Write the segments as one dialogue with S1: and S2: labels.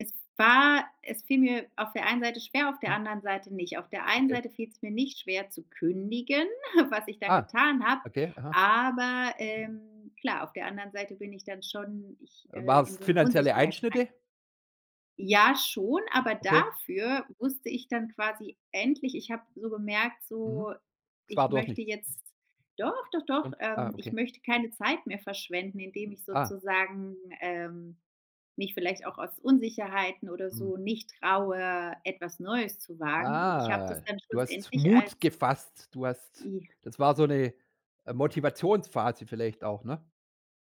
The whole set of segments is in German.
S1: Es war es fiel mir auf der einen Seite schwer, auf der anderen Seite nicht. Auf der einen
S2: Okay.
S1: Seite fiel's mir nicht schwer zu kündigen was ich dann
S2: Ah,
S1: getan habe,
S2: okay. Aha.
S1: aber, ähm klar, auf der anderen Seite bin ich dann schon ich
S2: Äh,
S1: äh,
S2: war's
S1: in so 'ne
S2: finanzielle
S1: Unsicherheit rein.
S2: Einschnitte?
S1: Ja, schon, aber
S2: Okay.
S1: dafür wusste ich dann quasi endlich ich habe so gemerkt,
S2: Mhm.
S1: so,
S2: Es
S1: ich
S2: war doch
S1: möchte
S2: nichts.
S1: jetzt doch, doch, doch.
S2: Schön, ah,
S1: Ähm, ich
S2: okay.
S1: möchte keine Zeit mehr verschwenden, indem ich
S2: Ah.
S1: sozusagen, ähm, mich vielleicht auch aus Unsicherheiten oder
S2: Mhm.
S1: so nicht traue, etwas Neues zu wagen. Und ich hab
S2: Ah,
S1: das dann
S2: du hast
S1: schlussendlich als
S2: Mut gefasst. Du hast
S1: I
S2: das war so 'ne, äh, Motivations-Phase vielleicht auch, ne?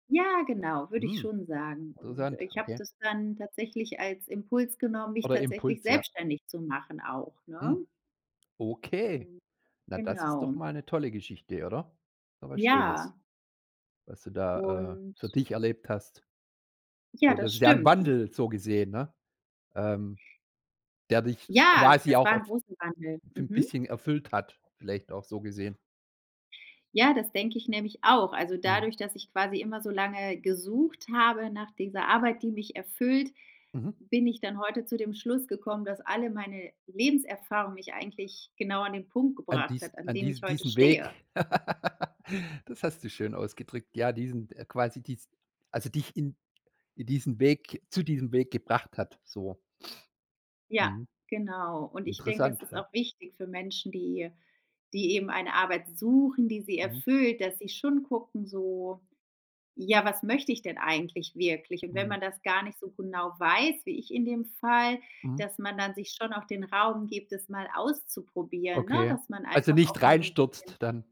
S1: Ja, genau. Würde ich
S2: Mhm,
S1: schon sagen. Und
S2: interessant,
S1: ich habe
S2: okay.
S1: das dann tatsächlich als Impuls genommen, mich
S2: Oder
S1: tatsächlich
S2: Impuls, ja.
S1: selbstständig zu machen auch, ne?
S2: Mhm, okay.
S1: Ähm,
S2: Na, das ist
S1: genau.
S2: doch mal 'ne tolle Geschichte, oder? Ist doch was Schönes,
S1: Ja.
S2: was du da, äh,
S1: Und
S2: für dich erlebt hast.
S1: Ja,
S2: So, das
S1: das
S2: ist ja ein
S1: stimmt, un
S2: Wandel so gesehen, ne? Ähm, der dich s
S1: Ja,
S2: quasi
S1: das
S2: auch
S1: war 'n
S2: erf
S1: großen Wandel. Mhm.
S2: bisschen erfüllt hat, vielleicht auch so gesehen.
S1: Ja, das denke ich nämlich auch. Also
S2: Mhm.
S1: dadurch, dass ich quasi immer so lange gesucht habe nach dieser Arbeit, die mich erfüllt,
S2: Mhm.
S1: bin ich dann heute zu dem Schluss gekommen, dass alle meine Lebenserfahrung mich eigentlich genau an den Punkt
S2: An
S1: gebracht hat,
S2: diest
S1: an
S2: an
S1: dem ich
S2: dies
S1: heute
S2: diesen
S1: stehe.
S2: Weg. Das hast du schön ausgedrückt. Ja, diesen äh, quasi, dies also dich in in diesen Weg zu diesem Weg gebracht hat, so.
S1: Ja,
S2: Mhm,
S1: genau. Und ich denke,
S2: interessant,
S1: das ist auch
S2: ja.
S1: wichtig für Menschen, die die eben eine Arbeit suchen, die sie
S2: Mhm.
S1: erfüllt, dass sie schon gucken so: „Ja, was möchte ich denn eigentlich wirklich?“ Und wenn
S2: Mhm.
S1: man das gar nicht so genau weiß, wie ich in dem Fall,
S2: Mhm.
S1: dass man dann sich schon auch den Raum gibt, es mal auszuprobieren, ne?
S2: Okay,
S1: Dass man
S2: also
S1: einfach
S2: nicht
S1: auch mal so 'n bisschen
S2: reinstürzt dann.